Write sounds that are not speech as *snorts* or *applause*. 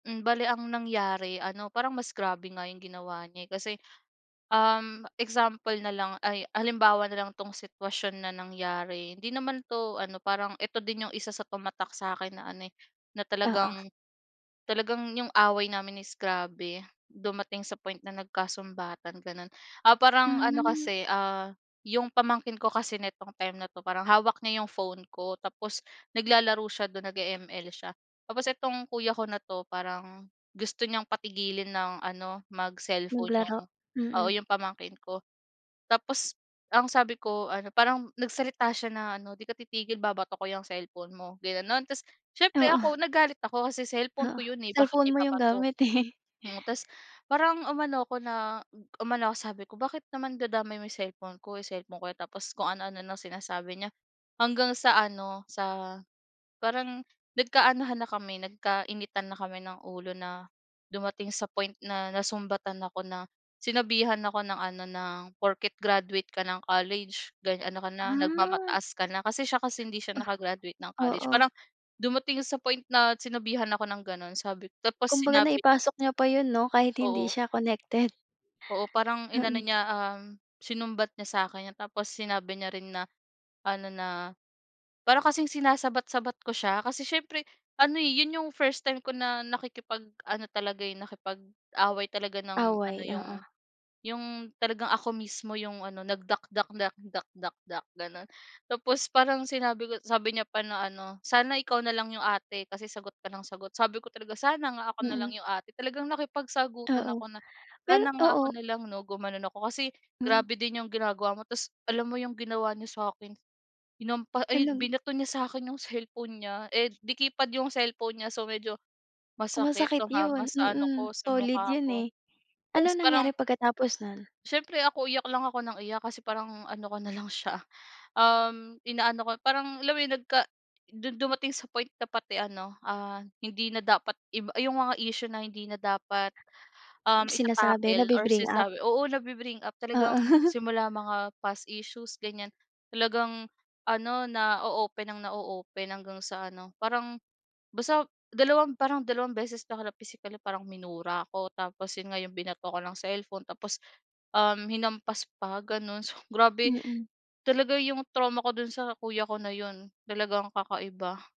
Hmm, bale ang nangyari ano, parang mas grabe nga yung ginawa niya, eh. Kasi, um, example nalang ay halimbawa na lang 'tong sitwasyon na nangyari, hindi naman 'to ano, parang 'eto din yung isa sa tumatak sa'kin na ano, eh, na Oo. talagang talagang 'yong away namin is grabe, dumating sa point na nagkasumbatan, gano'n. Ah, parang ano Hmm. kasi, ah, 'yong pamangkin ko kasi nitong time na 'to parang hawak niya 'yong phone ko, tapos naglalaro siya do'n, nag-e-ML siya. Tapos itong kuya ko na 'to, parang gusto niyang patigilin nang ano, mag-cellphone 'yong Naglaro? oo, Mm. 'yong pamangkin ko. Tapos ang sabi ko ano, parang nagsalita siya na ano, "'Di ka titigil babato ko yang cellphone mo." ginano'n. Tapos siyempre Oo. ako *snorts* nagalit ako kasi cellphone Oo, ko 'yon, eh, bakit cellphone nya mo yung ibabato. gamit, eh. Mm, tapos parang umano ako na umano ako sabi ko, "Bakit naman dadamay mo cellphone ko, eh, cellphone ko 'yan." tapos kung ano-ano nang sinasabi niya. Hanggang sa ano, sa parang nagkaanuhan na kami, nagkainitan na kami ng ulo na dumating sa point na nasumbatan ako, na sinabihan ako ng ano, ng, "Porke't graduate ka ng college gan ano ka na, Ah. nagmamataas ka na." Kasi siya kasi hindi siya Oh, naka-graduate ng college. oo. Parang dumating sa point na sinabihan ako ng gano'n, sabi ko tapos Kumbaga sinabi niya p naipasok niya pa yun 'no, kahit hindi Oo. siya connected. Oo, parang inano Oo. niya, um, sinumbat niya sa'kin yun tapos sinabi niya rin na ano, na parang kasing sinasabat-sabat ko siya. Kasi siyempre ano, eh, yun yung first time ko na nakikipag ano talaga, eh, nakipag-away talaga ng ano Away, yung, oo. yung talagang ako mismo yung ano, nagdakdak-dakdak-dakdak, gano'n. Tapos parang sinabi ko sabi niya pa na ano, "Sana ikaw na lang 'yong ate, kasi sagot ka nang sagot." sabi ko talaga, "Sana nga ako na lang Mm. 'yong ate." Talagang nakipagsagutan Oo. ako na, Pero "Sana nga ako oo. na lang 'no," gumano'n ako, "kasi Mm. grabe din 'yong ginagawa mo." Tapos alam mo 'yong ginawa niya sa'kin hinampa ay, Talag binato niya sa'kin 'yong cellphone niya, eh, de-keypad 'yong cellphone niya. So, medyo Oh, masakit, masakit tumama yun. sa ano Mm, ko, sa solid mukha yun, ko. eh. Anong Tapos parang nangyari pagkatapos nun? siyempre ako iyak lang ako nang iyak kasi parang ano ko na lang siya, um, inaano ko yung parang alam mo yun nagka dun dumating sa point na pati ano, ah, hindi na dapat iba yung mga issue na hindi na dapat, um, Sinasabi, ita-tackle or nabi-bring up? sinasabi oo, nabi-bring up talagang Oo. *chuckles* simula mga past issues, ganyan talagang ano, na-o-open nang na-o-open hanggang sa ano, parang basta dalawang parang dalawang beses na ako napisikal na parang minura ako tapos yun nga yung binato ako ng cellphone tapos, um, hinampas pa, gano'n. So, *scoffs* grabe Mm. talaga 'yong trauma ko do'n sa kuya ko na 'yon talagang kakaiba.